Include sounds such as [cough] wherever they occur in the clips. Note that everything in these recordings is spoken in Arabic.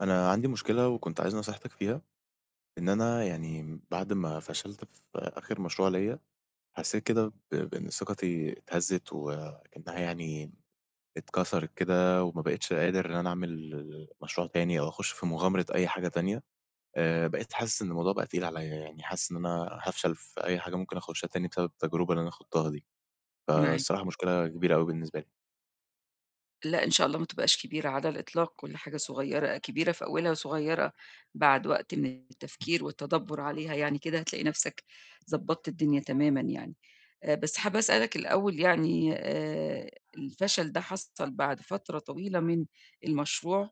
أنا عندي مشكلة وكنت عايز نصيحتِك فيها، إن أنا يعني بعد ما فشلت في آخر مشروع ليّا، حسيت كده ب بإن ثقتي اتهزّت وأكنّها يعني اتكسرت كده وما بقيتش قادر إن أنا أعمل ال مشروع تاني أو أخش في مغامرة أي حاجة تانية. آآ، بقيت حاسس إن الموضوع بقي تقيل عليَّ يعني، حاسس إن أنا هافشل في أي حاجة ممكن أخشها تاني بسبب التجربة اللي أنا خُضتها دي. معاك. فالصراحة مشكلة كبيرة اوي بالنسبة لي. لا إن شاء الله ما تبقاش كبيرة على الإطلاق، كل حاجة صغيرة كبيرة في أولها، صغيرة بعد وقت من التفكير والتدَبر عليها يعني كده، هتلاقي نفْسَك ضبطت الدنيا تمامًا يعني. آآ، بس حابة أسألك الأول يعني، آآ، الفشل ده حصل بعد فترة طويلة من المشروع؟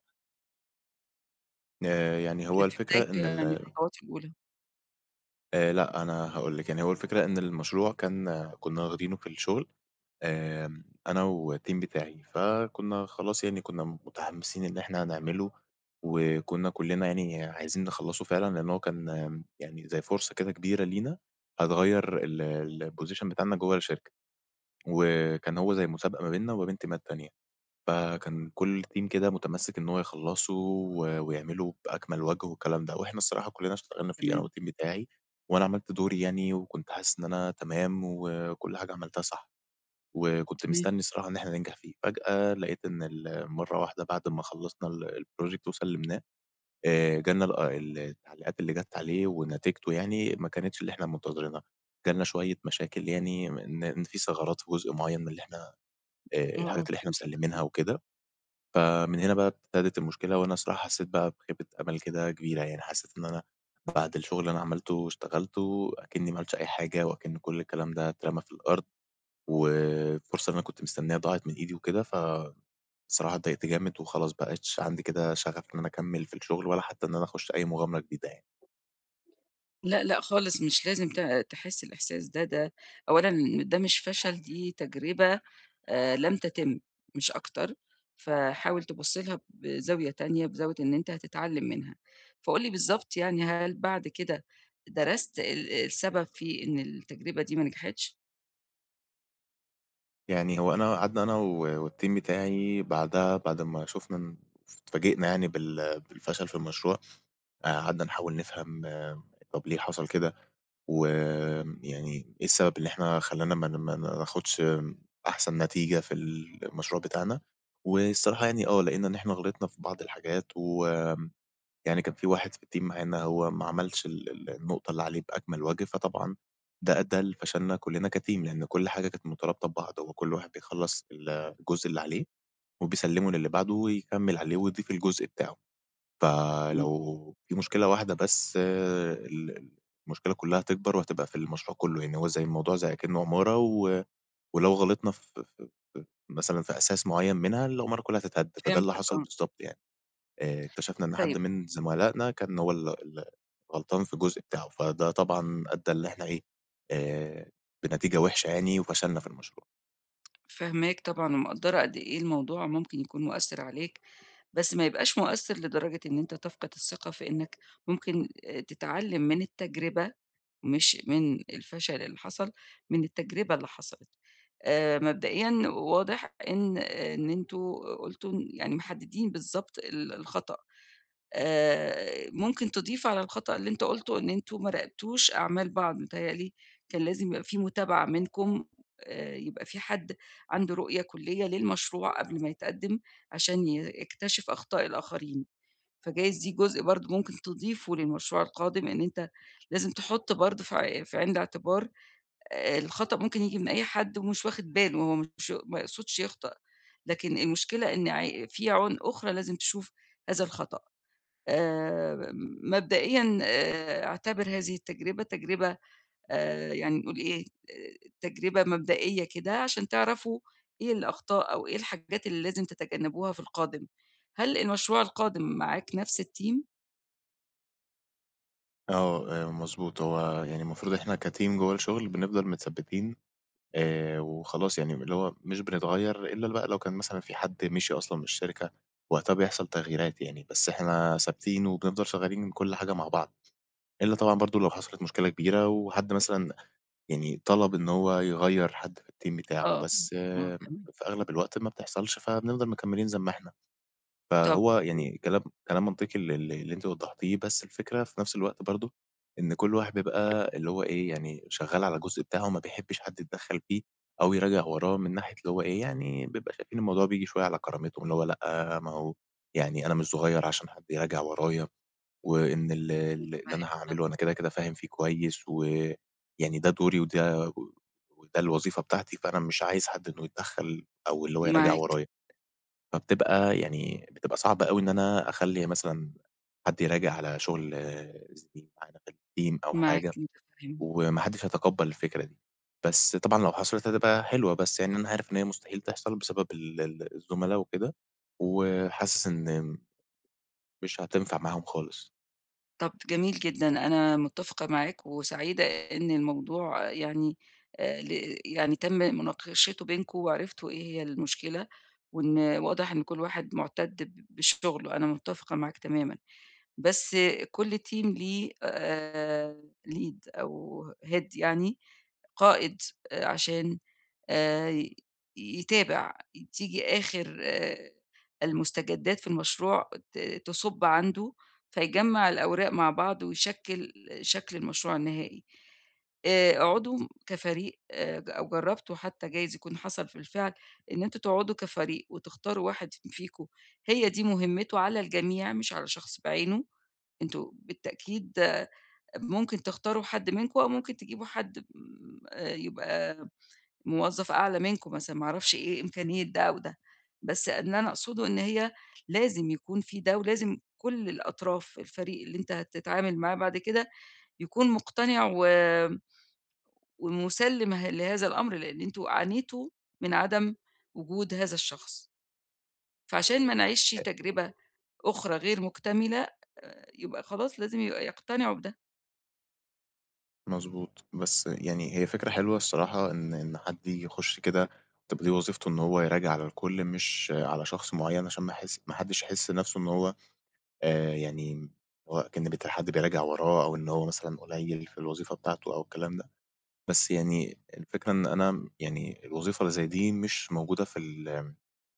آآ يعني والّا هو في الفكرة بدايته إن يعني ال الخطوات الأولى؟ آآ لأ أنا هاقول لِك، يعني هو الفكرة إن المشروع كان كُنا واخدينه في الشغل، آآ، أنا و الTeam بتاعي، فكُنا خلاص يعني كُنا متحمسين إن إحنا هنعمله وكُنا كُلّنا يعني عايزين نخلّصه فعلًا، لأن هو كان آمم يعني زي فرصة كده كبيرة لينا هتغيَّر ال الPosition بتاعنا جوه الشركة، وكان هو زي مسابقة ما بيننا وما بين تيمات تانية. فكان كُل Team كده متمسك إن هو يخلصه و ويعمله بأكمل وجه والكلام ده. وإحنا الصراحة كلنا اشتغلنا فيه أنا و تمام. الTeam بتاعي وأنا عملت دوري يعني وكنت حاسس إن أنا تمام وكل حاجة عملتها صح، وكنت تمام. مستني الصراحة إن إحنا ننجح فيه، فجأة لقيت إن ال مرة وحدة بعد ما خلصنا ال الProject وسلمناه، آآ، جا لنا ال آه التعليقات اللي جات عليه ونتيجته يعني، ما كانتش اللي إحنا منتظرينها، جا لنا شوية مشاكل يعني م إن في ثغرات في جزء معين من اللي إحنا، آآ، آه، الحاجات آه اللي إحنا فهمتك، مسلمينها امم. وكده. فمن هنا بقى ابتدِت المشكلة، وأنا الصراحة حسيت بقى بخيبة أمل كده كبيرة يعني، حسيت إن أنا بعد الشغل اللي أنا عملته واشتغلته أكِنّي ما عملتش أي حاجة وأكِن كل الكلام ده اترمى في الأرض والفرصة اللي أنا كنت مستنيها ضاعت من إيدي وكده، ف الصراحة اتضايقت جامد وخلاص بقيتش عندي كده شغف إن أنا أكمّل في الشغل، ولا حتى إن أنا أخش أي مغامرة جديدة يعني. لأ لأ خالص مش لازم ت تحس الإحساس ده، ده أولًا ده مش فشل دي تجربة، آآ، لم تتم مش أكتر، فحاول تبُص لها بزاوية تانية، بزاوية إن أنت هتتعلم منها. فقُل لي بالضبط يعني هل بعد كده درست ال السبب في إن التجربة دي ما نجحِتش؟ يعني هو أنا قعدنا أنا و والTeam بتاعي بعدها، بعد ما شُفنا إن اتفاجئنا يعني بال بالفشل في المشروع، قعدنا نحاول نفهم طَب ليه حصل كده؟ وآمم يعني إيه السبب اللي إحنا خلّانا ما ن ما ما ناخدش أحسن نتيجة في المشروع بتاعنا، والصراحة يعني آه لقينا إن إحنا غلطنا في بعض الحاجات وآمم يعني كان في واحد في الTeam معانا هو ما عملش ال النقطة اللي عليه بأكمل وَجه، فطبعًا ده أدّى لفشلنا كلنا كTeam لإن كل حاجة كانت مترابطة ببعض، هو كل واحد بيخلّص الجزء اللي عليه وبيسلّمه للي بعده ويكمّل عليه ويضيف الجزء بتاعه. إمم. فلو في مشكلة واحدة بس ال المشكلة كلها هتكبر وهتبقى في المشروع كله يعني، هو زي الموضوع زي أكنّة عمارة و ولو غلطنا ف ف ف مثلًا في أساس معيّن منها، العمارة كلها هتتهد. فده اللي فهمتك حصل آه. بالضبط يعني، آآ، اكتشفنا إن حد طيب من زُملائنا كان هو اللي اللي غلطان في الجزء بتاعه، فده طبعًا أدّى اللي إحنا إيه، آآ بنتيجة وحشة يعني وفشلنا في المشروع. فاهماك طبعًا، ومقدّرة قد إيه الموضوع ممكن يكون مؤثر عليك، بس ما يبقاش مؤثر لدرجة إن أنت تفقد الثقة في إنّك ممكن آآ تتعلم من التجربة مش من الفشل اللي حصل، من التجربة اللي حصلت. آآ، مبدئيًا واضح إن إن أنتم قلتوا إن يعني، محددين بالضبط ال الخطأ. آآ، ممكن تضيف على الخطأ اللي أنت قُلته إن أنتم ما راقبتوش أعمال بعض، متهيأ لي كان لازم يبقى في متابعة منكم، آآ، يبقى في حد عنده رؤية كلية للمشروع قبل ما يتقدّم، عشان ي يكتشف أخطاء الآخرين، فجايز دي جزء برضه ممكن تضيفه للمشروع القادم، إن أنت لازم تحط برضه في ع في عين الاعتبار، آآ الخطأ ممكن ييجي من أي حد، ومش واخد باله، هو مش ما يقصدش يخطأ، لكن المشكلة إن ع في عيون أخرى لازم تشوف هذا الخطأ. آآ، مبدئيًا آآ اعتبر هذه التجربة، تجربة آآ، يعني نقول إيه، ت تجربة مبدئية كده، عشان تعرفوا إيه الأخطاء، أو إيه الحاجات اللي لازم تتجنبوها في القادم، هل المشروع القادم معاك نفس الteam؟ آه، آآ، مضبوط، هو يعني المفروض إحنا كَteam جُوَّه الشغل، بنفضل متثبِّتين، آآ وخلاص يعني، اللي هو مش بنتغيَّر إلا ل بقى لو كان مثلًا في حَدّ مِشي أصلًا من الشركة، وقتها بيحصل تغييرات يعني، بس إحنا ثابتين وبنفضل شغَّالين من كل حاجة مع بعض، إلا طبعًا برضه لو حصلِت مشكلة كبيرة، وحد مثلًا يعني طَلب إن هو يغيَّر حَدّ في الteam بتاعه، آه، بس ممكن. في أغلب الوقت ما بتحصلش، فبنفضل مكمِّلين زي ما إحنا، طَب فهو، امم. يعني كلام كلام منطقي ال ال اللي أنتِ وضَّحتِيه، بس الفكرة في نفس الوقت برضه، إن كل واحد بيبقى اللي هو إيه يعني شغَّال على الجزء بتاعه، وما بيحبِّش حد يتدَخَّل فيه، أو يراجع وراه، من ناحية اللي هو إيه، يعني بيبقى شايفين الموضوع بييجي شوية على كرامتهم، اللي هو لأ، ما هو يعني أنا مش صُغيَّر عشان حد يراجع ورايا، وإن ال مش ال مُمكن اللي أنا واحد هاعمله، أنا يتابعه؟ كده، كده فاهم فيه كويِّس، و يعني ده دُوري، وده وده الوظيفة بتاعتي، فأنا مش عايز حد إنه يتدخَّل، أو اللي هو يراجع مَعاك. ورايا، فبتبقى يعني بتبقى صعبة أوي إن أنا أخلِّي مثلًا، حد يراجع على شغل زِميل معانا في الteam أو معاك، حاجة، أنت [unintelligible] وما حدش هيتقبَّل الفكرة دي، بس طبعًا لو حصلِت هتبقى حِلوة، بس يعني أنا عارف إن هي مستحيل تحصل، بسبب ال ال الزُملا وكده، و حاسس إن مش هتنفع معاهم خالص. طَب جميل جدًا، أنا مُتّفقة معاك وسعيدة إن الموضوع يعني آآ ل يعني تم مناقشته بينكم وعرفتوا إيه هي المشكلة وإن واضح إن كل واحد مُعتَد ب بشُغله، أنا مُتّفقة معاك تمامًا. بس كل team ليه آآ lead أو head يعني، قائد عشان آآ يتابع. تيجي آخِر آآ المُستجدّات في المشروع ت تصُب عنده، فيجمّع الأوراق مع بعض ويشكِّل شكل المشروع النهائي. آآ اقعدوا كفريق، آآ ج أو جرّبتوا حتّى جايز يكون حصل في الفعل إن أنتم تقعدوا كفريق وتختاروا واحد ف فيكم، هي دي مهمته على الجميع مش على شخص بعينه. أنتم بالتأكيد ممكن تختاروا حد منكم أو ممكن تجيبوا حد م آآ يبقى موظّف أعلى منكم مثلًا ما أعرفش إيه إمكانية ده أو ده، بس اللي أنا أقصده إن هي لازم يكون في ده ولازم كل الأطراف الفريق اللي أنت هتتعامل معاه بعد كده، يكون مُقتنع و ومُسَلِّم ه لهذا الأمر، لإن أنتم عانيتوا من عدم وجود هذا الشخص. فعشان ما نعيشش [unintelligible] تجربة أُخرى غير مُكتملة، يبقى خلاص لازم يبقى يقتنعوا بده. مضبوط، بس يعني هي فكرة حلوة الصراحة إن إن حد ييجي يخُش كده تبقى دي وظيفته إن هو يراجع على الكل مش على شخص معيّن عشان ما يحِس ما حدّش يحِس نَفْسه إن هو آآ يعني هو أكن بت حد بيراجع وراه أو إن هو مثلًا قليّل في الوظيفة بتاعته أو الكلام ده، بس يعني الفكرة إن أنا يعني الوظيفة اللي زي دي مش موجودة في ال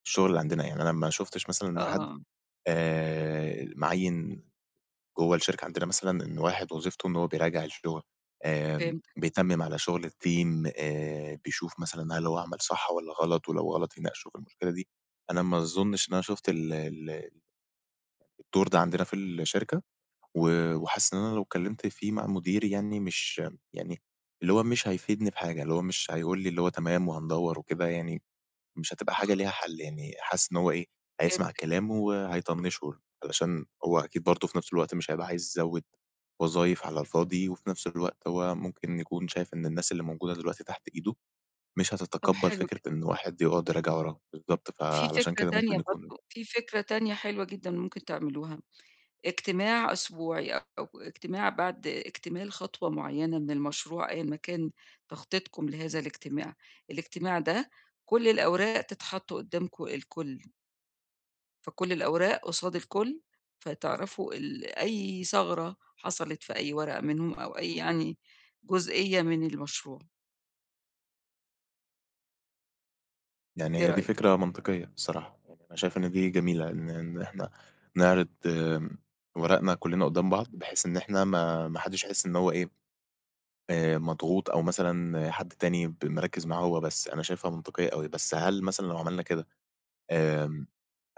الشُغل اللي عندنا يعني. أنا ما شُفتش مثلًا إن حد آه. آآ مِعيِّن جوّه الشركة عندنا مثلًا إن واحد وظيفته إن هو بيراجع الشُغل آآ فهمتك. بيتمِّم على شُغل الteam آآ بيشوف مثلًا هل هو عمل صح والّا غلط ولو غلط يناقشوا في المشكلة دي، أنا ما أظنش إن أنا شُفت ال ال الدور ده عندنا في الشركة و وحاسِس إن أنا لو اتكلّمت فيه مع مديري يعني مش يعني اللي هو مش هيفيدني بحاجة، اللي هو مش هيقول لي اللي هو تمام وهندوّر وكده يعني، مش هتبقى حاجة خ ليها حَل يعني حاسِس إن هو إيه، هيسمع فهمتك. كلامه وهيطنّشه علشان هو أكيد برضه في نَفْس الوقت مش هيبقى عايز يزوّد وظايف على الفاضي وفي نَفْس الوقت هو ممكن يكون شايف إن الناس اللي موجودة دلوقتي تحت إيده مش طَب هتتقبّل حلو جدًا. فكرة إن واحد يقعد يراجع وراهم، بالضبط، في فعشان فكرة كده تانية ممكن يكون برضه، في فكرة تانية حلوة جدًا ممكن تعملوها. اجتماع أسبوعي أو اجتماع بعد اكتمال خطوة معيّنة من المشروع أيًا ما كان تخطيطكم لهذا الاجتماع. الاجتماع ده كل الأوراق تتحط قُدّامكم الكل. فكلّ الأوراق قُصاد الكلّ فتعرَفوا ال أي ثَغرة حصَلِت في أي ورقة منهم أو أي، يعني جزئيّة من المشروع. يعني إيه هي دي رأيِك؟ فكرة منطقية بصراحة، يعني أنا شايف إن دي جميلة إن إن إحنا نعرِض آمم ورقنا كلّنا قدّام بعض بحيث إن إحنا ما ما حدّش يحس إن هو إيه آآ، مضغوط أو مثلًا حد تاني ب مركِّز معاه هو بس، أنا شايفها منطقيّة أوي، بس هل مثلًا لو عملنا كده آمم،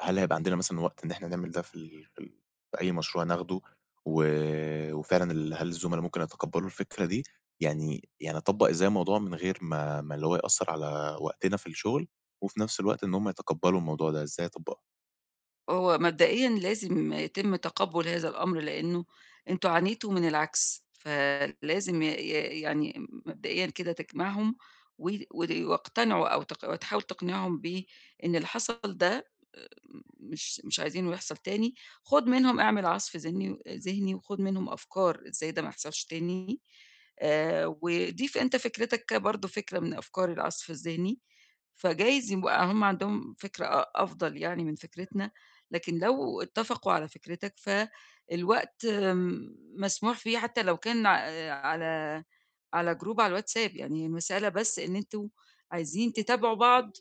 هل هيبقى عندنا مثلًا وقت إن احنا نعمل ده في ال في ال في أي مشروع ناخدوا و و فعلًا ال هل الزُّملا ممكن يتقبّلوا الفكرة دي يعني يعني أطبّق إزاي الموضوع من غير ما ما اللي هو يأثّر على وقتنا في الشغل وفي نفس الوقت إن هُم يتقبّلوا الموضوع، ده إزاي أطبّقه؟ هو مبدئيًا لازم يتم تقبُّل هذا الأمر لإنه أنتم عانيتوا من العكْس فلازم ي ي يعني م مبدئيًا كده تجمَعهم و ود واقتنعوا أو تق تحاول تقنِعهم بإن اللي حصَل ده إمم، مش مش عايزينه يحصَل تاني، خُد منهم اعمل عصْف ذني أ ذهني وخُد منهم أفكار إزاي ده ما يحصَلش تاني آآ، وضيف أنت فكرِتك برضه، فكرة من أفكار العصْف الذهني، فجايز يبقى هُم عندهم فكرة أ أفضَل يعني من فكرتنا لكن لو اتّفقوا على فكرِتك ف الوقت م مسموح فيه حتى لو كان ع أ على على جروب على الواتساب، يعني المسألة بس إن أنتم عايزين تتابعوا بعض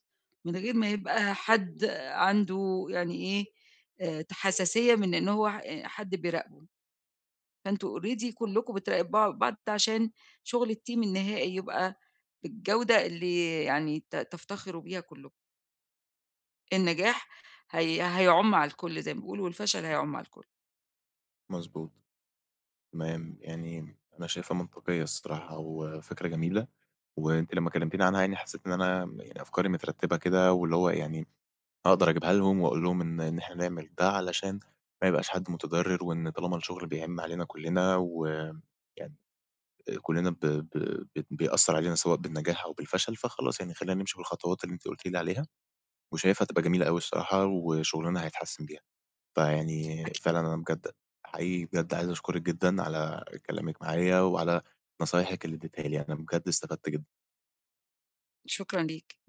من غير ما يبقى حد عنده يعني إيه، آآ ت حساسية من إن هو ح أ حد بيراقبه، فأنتم already كلّكم بتراقبوا بعض، ده عشان شغل الteam النهائي يبقى بالجودة اللي يعني ت تفتخروا بيها كلّكم. النجاح هي هيعُم على الكلّ زي ما بيقولوا والفشل هيعُم على الكلّ. مضبوط، تمام يعني م أنا شايفها منطقيّة الصراحة وفكرة جميلة وأنتِ لما كلمتيني عنها يعني حسّيت إن أنا م يعني أفكاري مترتّبة كده واللي هو يعني أقدَر اجيبها لهم واقول لهم إن إن إحنا نعمل ده علشان ما يبقاش حد مُتضرّر وإن طالما الشغل بيعِم علينا كلّنا و يعني كلّنا ب ب بت بيأثّر علينا سواء بالنجاح أو بالفشل فخلاص، يعني خلّينا نمشِي بالخطوات اللي أنتِ قُلتِ لي عليها وشايفها هتبقى جميلة أوي الصراحة وشغلنا هيتحسّن بيها. فيعني أكيد. فعلًا أنا بجد حقيقي بجد عايز اشكرِك جدًا على كلامِك معايا وعلى نصايحِك اللي ادّيتيها لي، أنا بجد استفدت جدًا. شكرًا ليك.